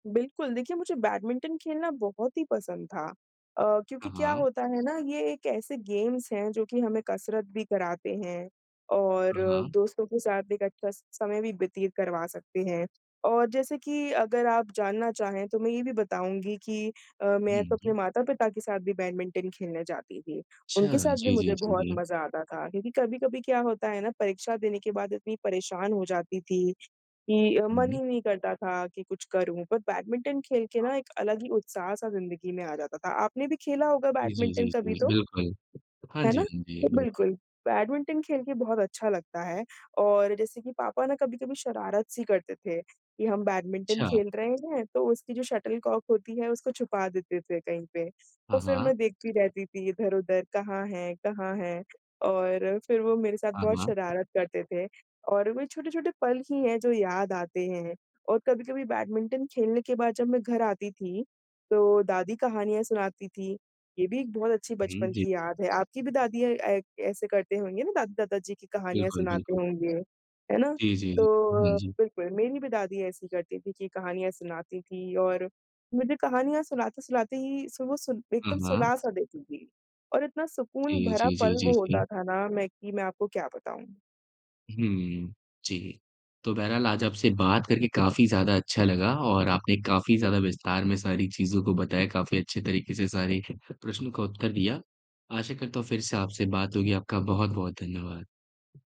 बिल्कुल, देखिए मुझे बैडमिंटन खेलना बहुत ही पसंद था अ, क्योंकि हाँ, क्या हाँ। होता है ना ये एक ऐसे गेम्स हैं, जो कि हमें कसरत भी कराते हैं और हाँ, हाँ। दोस्तों के साथ एक अच्छा स समय भी व्यतीत करवा सकते हैं। और जैसे कि अगर आप जानना चाहें तो मैं ये भी बताऊँगी कि अ, मैं तो हुँ, अपने जी। माता-पिता के साथ भी बैडमिंटन खेलने जाती थी, उनके अच्छा, साथ भी जी, जी, मुझे जी, बहुत जी। मज़ा आता था। क्योंकि कभी-कभी क्या होता है ना, परीक्षा देने के बाद इतनी परेशान हो जाती थी, कि हुँ, मन ही हुँ। नहीं करता था कि कुछ करूँ, पर बैडमिंटन खेल के हाँ। ना एक अलग ही उत्साह-सा ज़िंदगी में आ जाता था, आपने भी खेला होगा जी, जी, बैडमिंटन जी, कभी जी, तो? बिल्कुल। हाँ है जी, ना? हाँ जी, बिल्कुल। बिल्कुल, बैडमिंटन खेल के बहुत अच्छा लगता है। और जैसे कि पापा ना कभी-कभी शरारत-सी करते थे कि हम बैडमिंटन अच्छा। खेल रहे हैं, तो उसकी जो शटल कॉक होती है उसको छुपा देते थे कहीं पे, हाँ, तो फिर हाँ। मैं देखती रहती थी इधर-उधर कहाँ है कहाँ है? और फिर, वो मेरे साथ हाँ, बहुत हाँ। शरारत करते थे और वही छोटे-छोटे पल ही हैं, जो याद आते हैं और कभी-कभी बैडमिंटन खेलने के बाद जब मैं घर आती थी, तो दादी कहानियाँ सुनाती थीं, ये भी एक बहुत अच्छी हुँ, बचपन जी। की याद है। आपकी भी दादियाँ अ, ऐसे करते होंगे ना दादी-दादा जी की कहानियाँ बिल्कुल, सुनाते बिल्कुल। होंगे, है ना? जी, जी, जी। तो हुँ, अ, जी। बिल्कुल मेरी भी दादी ऐसी ही करती थी कि कहानियाँ सुनाती थीं और मुझे कहानियाँ सुनाते-सुनाते ही सु वो सुन हाँ, एकदम हाँ। सुला-सा देती थीं। और इतना सुकून जी, भरा जी, पल जी, जी, वो होता जी। था ना, मैं कि मैं आपको क्या बताऊँ? हुँ, जी। तो बहरहाल आज आपसे बात करके काफ़ी ज़्यादा अच्छा लगा और आपने काफ़ी ज़्यादा विस्तार में सारी चीज़ों को बताया, काफ़ी अच्छे तरीके से सारे प्रश्नों का उत्तर दिया। आशा करता हूँ फिर से आपसे बात होगी, आपका बहुत-बहुत धन्यवाद।